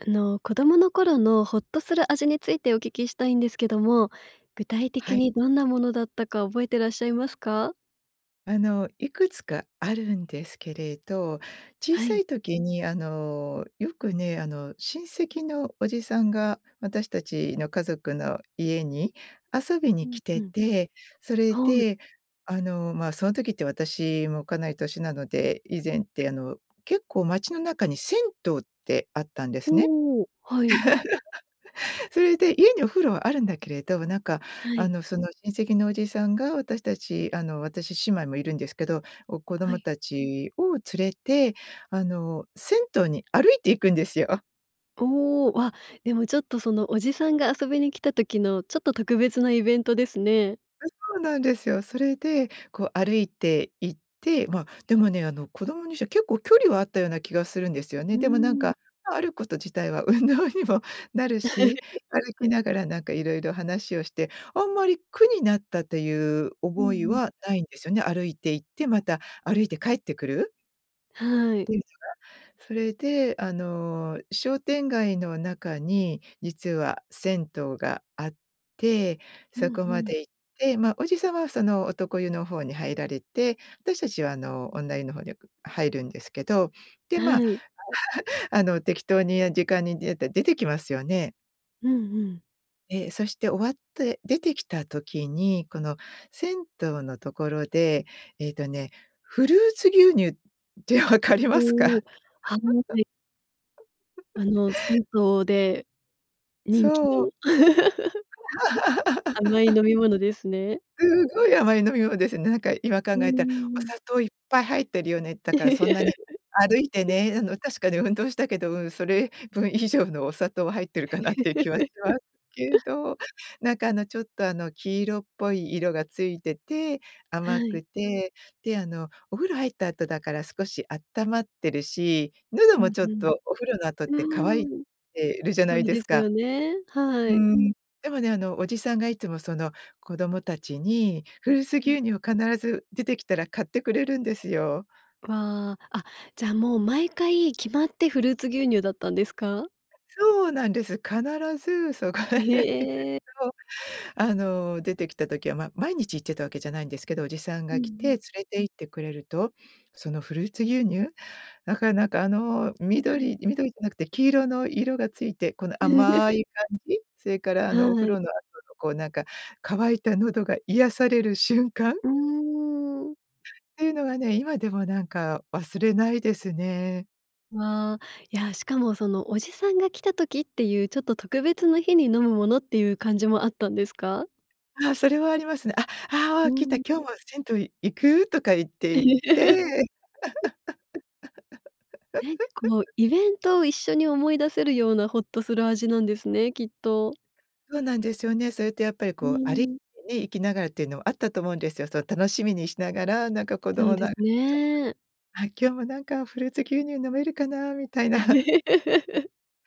あの、子供の頃のほっとする味についてお聞きしたいんですけども、具体は的い。にどんなものだったか覚えてらっしゃいますか？あの、いくつかあるんですけれど小はさい。い時に、あの、よくね、あの、親戚のおじさんが私たちの家族の家に遊びうにん、来てうん。て、それはい。で、あの、ま、その時って私もかなり年なので以前って、あの、結構町の中に銭湯ってあったんですね。おお、はい。それで家にお風呂はあるんだけれど、なんか、はあい。の、その、親戚のおじさんが私たちあの、私姉妹もいるんですけどを子は供い。たちを連れて、あの、銭湯に歩いていくんですよ。おお、あ、でも、ちょっと、その、おじさんが遊びに来た時のちょっと特別なイベントですね。あ、そうなんですよ。それで、こう、歩いて行って、ま、でもね、あの、子供にしては結構距離はあったような気がするんですようね。ーでも、なんん。か、あること自体は運動にもなるし 歩きながらなんかいろいろ話をしてあんまり苦になったというう覚んいうん。はないんですよね。歩いて行ってまた歩いて帰ってくる。は [unintelligible] い。は、それで、あの、商店街の中に実は銭湯があってうそんこまうん。で行って、ま、おじさんはその男湯の方に入られて、私たちは、あの、女湯の方によく入るんですけど、で、ま、はい。あの、適当に時間に出て、出てきますよねうんうん。え、そして終わって出てきた時に、この、銭湯のところで、えっとね、フルーツ牛乳ってわかりますおか？お。あの、で。あの、銭湯で人気そう。の。甘い飲み 物ですね。すごい甘い飲み物ですね。なんか、今考うんうえたら。んおうん。砂糖いっぱい入ってるよね。だから、そんなに歩いて ね、あの、確かに運動したけど、うん、それ分以上のお砂糖は入ってるかなっていう気はしますけ ど。なんか、あの、ちょっと、あの、黄色っぽい色がついてて、は甘い。くて、で、あの、お風呂入った後だから少しあったまってるし、喉うもんちょっうん。とお風呂の後っうて乾いーん。てるじゃそないうでですすか。よね。うはい。ーん。でもね、あの、おじさんがいつもその子供たちに、フルーツうん。牛乳を必ず出てきたら買ってくれるんですよ。ああ、あ、じゃ、もう、毎回決まってフルーツ牛乳だったんですか？そうなんです。必ずそこへ行くへ。と。あの、出てきた時は、ま、毎日行ってたわけじゃないんですけど、おじさんうんがう来て連ん。れて行ってくれると、そのフルーツ牛乳。なかなか、あの、はい。緑緑じゃなくて黄色の色がついて、この甘 い感じ、それから、あはの、お風い。呂の後のこうなんか乾いた喉が癒される瞬間。うーん。ていうのはね、今でもなんか忘れないですね。わあ、いや、しかもそのおじさんが来た時っていう、ちょっと特別な日に飲むものっていう感じもあったんですか？ああ、それはありますね。「あ、あうあ、来た、ん。今日も銭湯行く？」とか言って、いって。え、こうイ ベントを一緒に思い出せるようなほっとする味なんですね、きっと。そうなんですよね。それってやっぱりうーこう歩いん。て行きながらがらっていうのはあったと思うんですよ。その楽しみにしながら、なんか子そう供での。あ、すちょ、ね。あ「今日もなんかフルーツ牛乳飲めるかな」みたいな。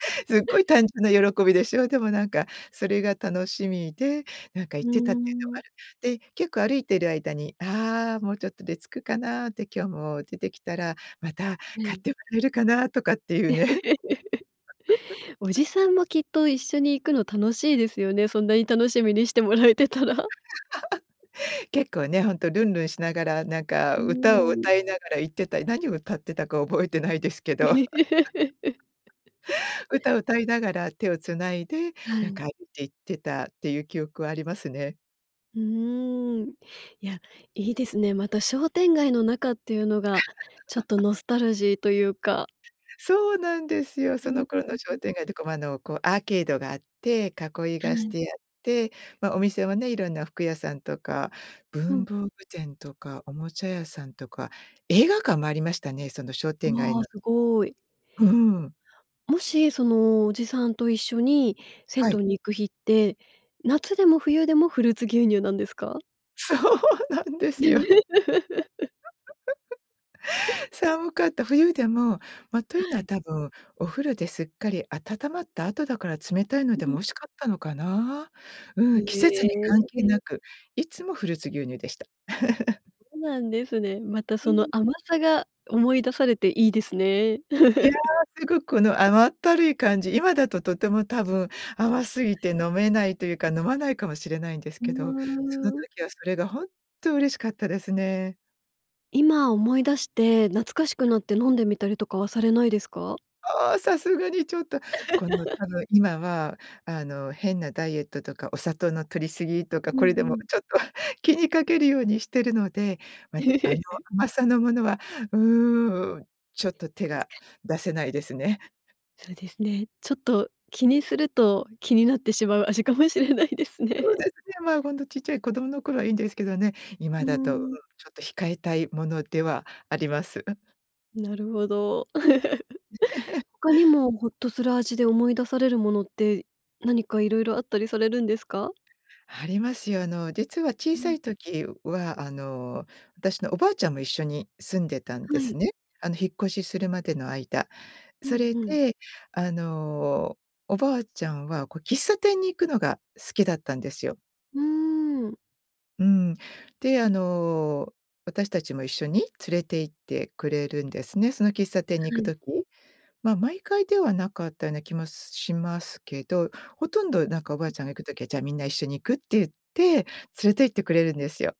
すっごい 単純な喜びでしょ。でもなんかそれが楽しみで、なんかう行ってたっていうのはーあん。る。で、結構歩いている間に「ああ、もうちょっとで着くかな」って「今日も出てきたら、また、は買っい。てもらえるかな」とかっていうね。お じさんもきっと一緒に行くの楽しいですよね、そんなに楽しみにしてもらえてたら。結構ね、ほんとルンルンしながらなんかうー歌ん。をわむ。歌いながら行ってたり、何を歌ってたか覚えてないですけど。歌を 歌いながら、手をつないで、はなんい。か行って、いってたっていう記憶はありますね。うーん。いや、いいですね。また商店街の中っていうのが、ちょっと ノスタルジーというか。そうなんですう、よ。うそん、の頃うのんう商ん。店街とかも、あのアーケードがあって、囲いはがしい。てあって、ま、お店はね、いろんな服屋さんとか、う文ん。房具店とか、おもちゃ屋さんとか、映画館もありましたね、その商店街わ、の。すごい。うーん。もし、その、おじさんと一緒に銭はい。湯に行く日って、夏でも冬でもフルーツ牛乳なんですか？そうなんですよ。寒かった。冬でも、ま、というはのはい。多分、お風呂ですっかり温まった後だから冷たいのでうもん。美味しかったのかな。うへん、季節に関係なえ。く、いつもフルーツ牛乳でした。そうなんですね。またうそのん。甘さが思い出されていいですね。いや、すごくこの甘ったるい感じ、今だととても多分甘すぎ [unintelligible] て飲めないというか飲まないかもしれないんですふけど、そのーん。時はそれが本当嬉しかったですね。今思い出して、懐かしくはい。なって飲んでみたりとかはされないですか？ああ、さすがにちょっと、この、あの、今は、あの、変なダイエットとかお砂糖の摂り過ぎとか、うん、これでもうん。ちょっと気にかけるようにしてるので、待って、あの 甘さのものは、うん、ちょっと手たしが、かに。出せないですね。そうですね、ちょっと、気にすると気になってしまう味かもしれないですそうね。ですね、まあ、本当ちっちゃい子供の頃はいいんですけどね、う今ーだと、うんん。ちょっと控えたいものではあります。なるほど。他に もホッとする味で思い出されるものって、何かいろいろあったりされるんですか？ありますよ。あの、実は小うさん。い時は、あの、私のおばあちゃんも一緒に住んでたんではい。すね。あの、引っ越しするまでの間、うそんれうん。で、あの、おばあちゃんは、こう、喫茶店に行くのが好きだったんですよ。うーん。うん。で、あの、私たちも一緒に連れて行ってくれるんですね。その喫茶店には行くい。時、まあ、毎回ではなかったような気もしますけど、ほとんどなんかおばうあん。ちゃんが行く時は、じゃあみんな一緒に行く？って言って、連れて行ってくれるんですよ。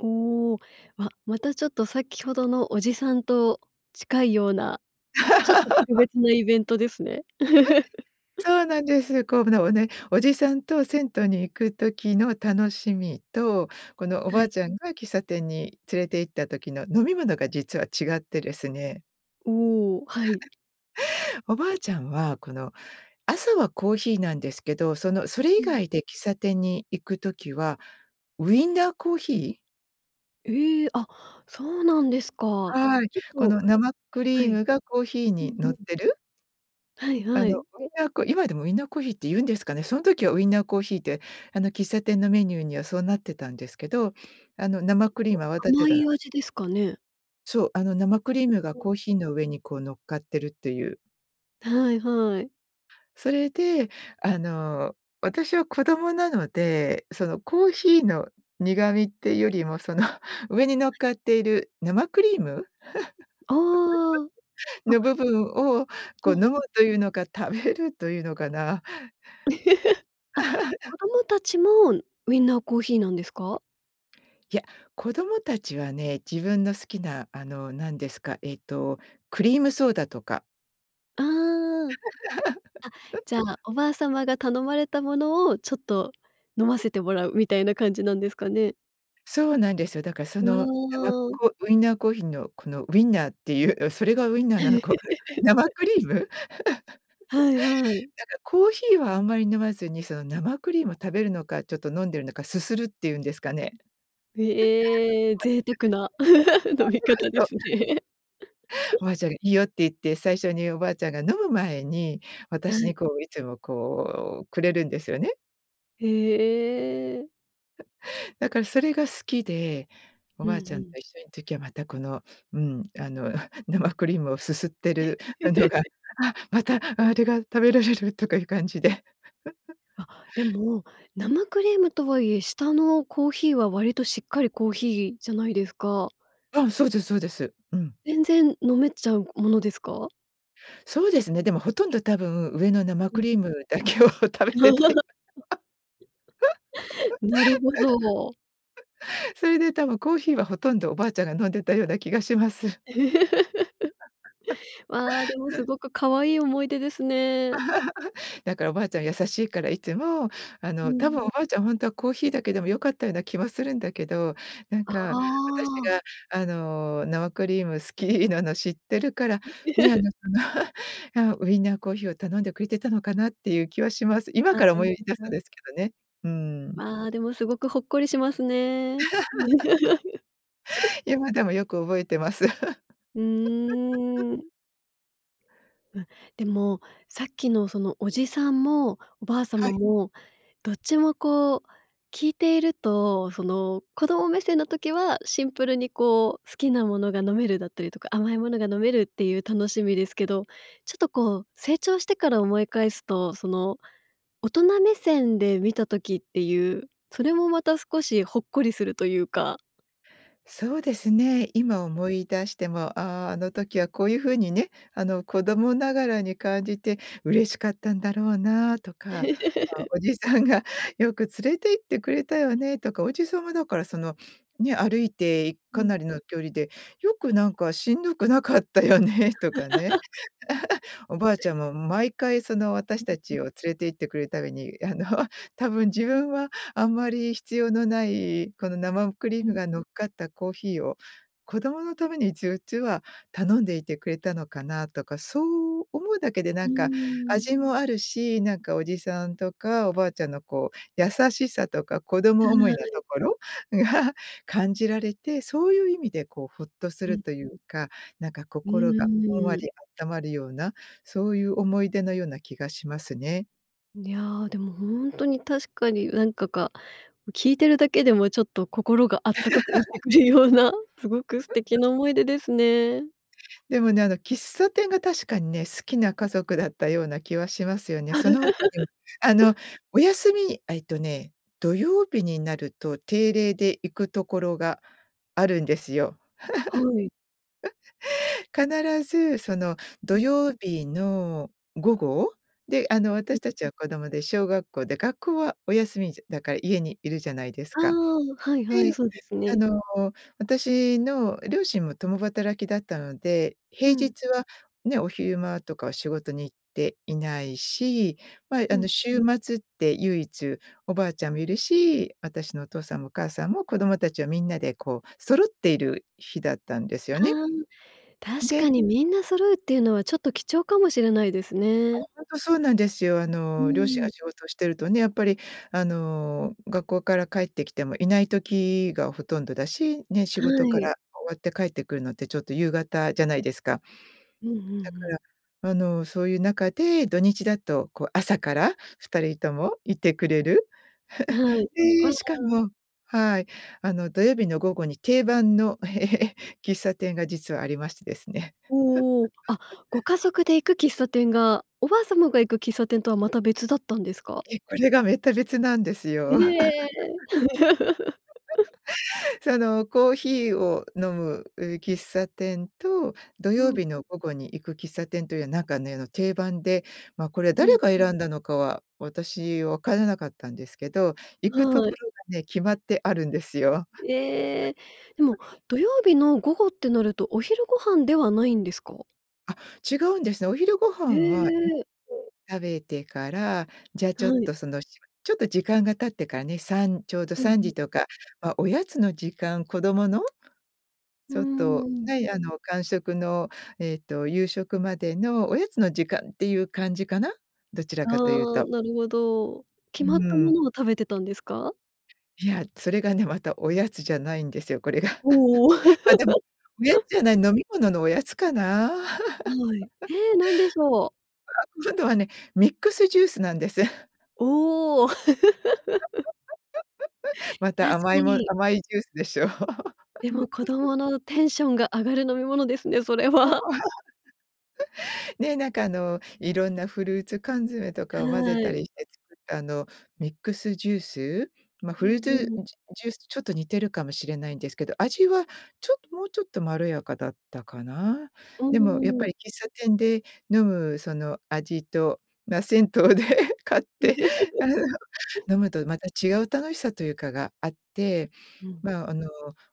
おお、わ、またちょっとさっきほどのおじさんと近いような、ちょっと特 別なイベントですね。そうなんです。こう [unintelligible] ね、おじさんと銭湯に行く時の楽しみと、この、おはばあい。ちゃんが喫茶店に連れて行った時の飲み物が実は違ってですね。おお、はい。おばあちゃんは、この、朝はコーヒーなんですけど、その、それう以ん。外で喫茶店に行く時はウインナーコーヒー。ええ、あ、そうなんですか。はい。ちょっこと、の、生クはリーい。ムがコーヒーうに、んう乗っん。てる？はいあはの、い。それが、こう、今でもウィンナーコーヒーって言うんですかね？その時はウィンナーコーヒーって、あの、喫茶店のメニューには、そうなってたんですけど。あの、生結クリームは泡構、立て甘たないか味ですかね？そう、あの、生クリームがコー [unintelligible] ヒーの上に、こう乗っかってるっていう。はいはい。それで、あの、私は子供なので、その、コーヒーの苦みってよりも、その、上に乗はっい。かっている生クリーム？あああ あ。あのっ。部分を、こう、わ飲むあ、ん。というのか食べるというのかな。であ、子 供たちも、ウィンナーコーヒーなんですか？いや、子供たちはね、自分の好きな、あの、なんですか、ええと、クリームソーダとか。ああ。あ、じゃ あ、おばあ様が頼まれたものを、ちょっと、飲ませてもらうみたいな感じなんですかね？そうなんですよ。だから、そうの、なまわ。こ、ウィナーコーヒーの、この、ウィンナーっていう、それがウィンナーなのかは生 クリーム？なんか、はいはい。コーヒーはあんまり飲まずに、その、生クリーム食べるのか、ちょっと飲んでるのか、すするっていうんですかね。ええ、贅沢な、飲み 方でそうそうそすう。ね。おばあちゃんがいいよって言って、最初におばあちゃんが飲む前に、は私に、い。こう、いつもこう、くれるんですよね。へえ。だから、それが好きでおうんばうあちゃんとん。一緒ん時は、また、この、うん、あの、生クリームをすすってる [unintelligible] のが、「あ、また、あれが食べられる」とかいう感じで。あ、で も、生クリームとはいえ下のコーヒーは割としっかりコーヒーじゃないですか？うん、そうですそうです。うん全然飲めちゃうものですか？そうですね。でも、ほとんど多分、上の生うクん、リーうん。ムだけを食べてたり、なるほど。それで多分コーヒーは、ほとんどおばあちゃんが飲んでたような気がします。ああ、でもす ごく可愛い思い出ですね。だからおばあちゃん優しいから、いつも、あうの、多分ん。おばあちゃん、ほんとはコーヒーだけでも良かったような気もするんだけど、なんあか私あ。が、あの、生クリーム好きなの知ってるから、ね、あ の、その、ああ、ウインナーコーヒーを頼んでくれてたのかなっていう気はします。今ああ、からい思いい出すとな。ですけどね。うん。まあ、でも、すごくほっこりしますね。今でもよく覚えてます。う ーん。うん、でもさっきの、その、おじさんもおばあは様い。もどっちも、こう、聞いていると、その、子供目線の時はシンプルに、こう、好きなものが飲めるだったりとか、甘いものが飲めるっていう楽しみですけど、ちょっと、こう、成長してから思い返すと、その、大人目線で見た時っていう、それもまた少しほっこりするというかそうですね。今思い出しても、ああ、あの時はこういうふうにね、あの、子供ながらに感じて嬉しかったんだろうなあとか、あ、おじさんがよく連れて行ってくれたよねとか、おじさんはだから、そのね、歩いてうかなん。りの距離で、よくなんかしんどくなかったよねとかね。おばあ ちゃんも毎回、その、私うう、たうん。ちを連れて行ってくれために、あの、多分自分はあんまり必要のない、この生クリうームん。が乗っかったコーヒーを子供のために一応、実は頼んでいてくれたのかなとか、そう思うだけでなうーんかん。味もあるし、なんかおじさんとかおばあちゃんの、こう、優しさとか子は供思いのい。ところが感じられて、そういう意味で、こう、ホッとすうん、るん。というかなんかうん心うがん、ほんわうーりん。あったまるような、そういう思い出のような気がしますね。いや、でも本当に確かになんかか、聞いてるだけでもちょっと、心があったかくなって くるような、すごく素敵 な思い出ですね。でもね、あの喫茶店が確かにね、好きなうん。家族だったような気はしますよね。その他にもあの お休みあ、えっとね、土曜日になると定例で行くところがあるんですよ。はい。必ずその、土うん。曜日の午後。で、あの私 [unintelligible] たちは子供で小学校で、学校はお休みじゃだから家にいるじゃないですあか。あ、はいはい、で、そうですあね。の、私の両親も共働きだったので、平うん。日は、ね、お昼間とかは仕事に行っていないし、まあうあのん。週末って唯一、おばあちゃんもいるし、私のお父さんもお母さんも子供たちはみんなでこう揃っている日だったんですよあね。あ、確で。かに、みんな揃うっていうのはちょっと貴重かもしれないですね。本当そうなんですよ。あうの両親がん。仕事してるとね、やっぱり、あの学校から帰ってきてもいない時がほとんどだし、ね、仕は事かい。ら終わって帰ってくるのってちょっと夕方じゃないですか。うんうんうだかん。ら、あのそういう中で、土日だとこう朝から2人ともいてくれる。は い、あでしかあ。も、はい、あの土曜日の午後に定番の、喫茶店が実はありましてですね。おお、あ、ご 家族で行く喫茶店が、おばあ様が行く喫茶店とは、また別だったんですか？ええ、これがめった別なんですへよ。え。そのコーヒーを飲む、う、喫茶店と、土う曜ん日うん。の午後に行く喫茶店というなんかねあの定番で、まあこれう誰ん。が選んだのかは、私わからなかったんですけど、行くとはこい。ろがね、決まってあるんですよ。ええ、でも 土曜日の午後ってなると、お昼ご飯ではないんですか？あ、違うんですね。お昼ごへ飯は [unintelligible] え。食べてから、じゃあちょっはい。とそのちょっとしば時間が経ってからね、さんちょうどうんさんうん。じとか、ま、おやつの時間、子供のうちょっと、ん。はいあの間食のえっと夕食までの、おやつの時間っていう感じかな。どちらあかというあ、と。なるほど。決うまったもん。のを食べてたんですか？いや、それがね、また、おやつじゃないんですよ、これが。おお。まあでも、おやつ じゃない、飲み物のおやつかな。はい。ええ、何でしょう。あ、今度はね、ミックスジュースなんです。おお。ま確た甘かいもに。甘いジュースでしょう。でも、子 供のテンションが上がる飲み物ですね、それは。ね、なんかあの、いろんなフルーツ缶詰とかを混ぜはたい。りして作ったあのミックスジュース、ま、うフルーんツ、うん。じゅジュースとちょっと似てるかもしれないんですけど、味はちょっともうちょっとまろやかだったかな。うでもやっぱん。り喫茶店で飲むその味と、まあ銭湯で買って、飲むとまた違う楽しさというかがあって、うん。まああの、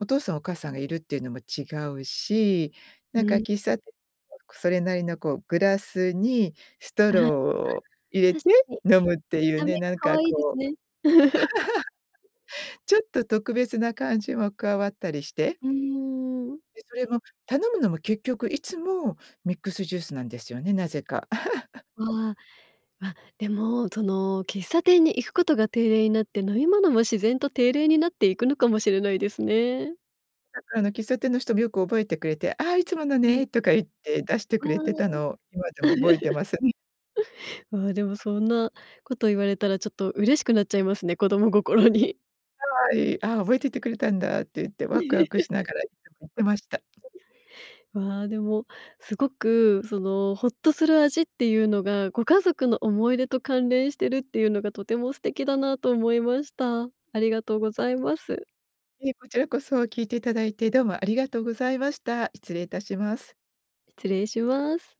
お父さんお母さんがいるっていうのも違うし、うなんかん。喫茶店 [unintelligible] それなりのこうグラスに、ストロ [unintelligible] ーを入れて確かに、見飲むっていうた目ね、がなん可か愛いですこう。ね。ちょっと特別な感じも加わったりして。うん。で、それも頼むのも結局いつも、ミックスジュースなんですよね、なぜか。ああ、あ、でもその喫茶店に行くことが定例になって、飲み物も自然と定例になっていくのかもしれないですね。だからあの喫茶店の人もよく覚えてくれて、ああいつものうん。ねとか言って、出してあくれてたあ。のを今でも覚えてます。うん。ああでも、そんなこと言われたらちょっと嬉しくなっちゃいますね、子供心に。はい、ああ覚えててくれたんだって言ってワクワクしながら [unintelligible] 行ってました。わあ、でも、すごくその、ホッとする味っていうのが、ご家族の思い出と関連してるっていうのが、とても素敵だなと思いました。ありがとうございます。ええ、こちらこそ、聞いていただいてどうも、ありがとうございました。失礼いたします。失礼します。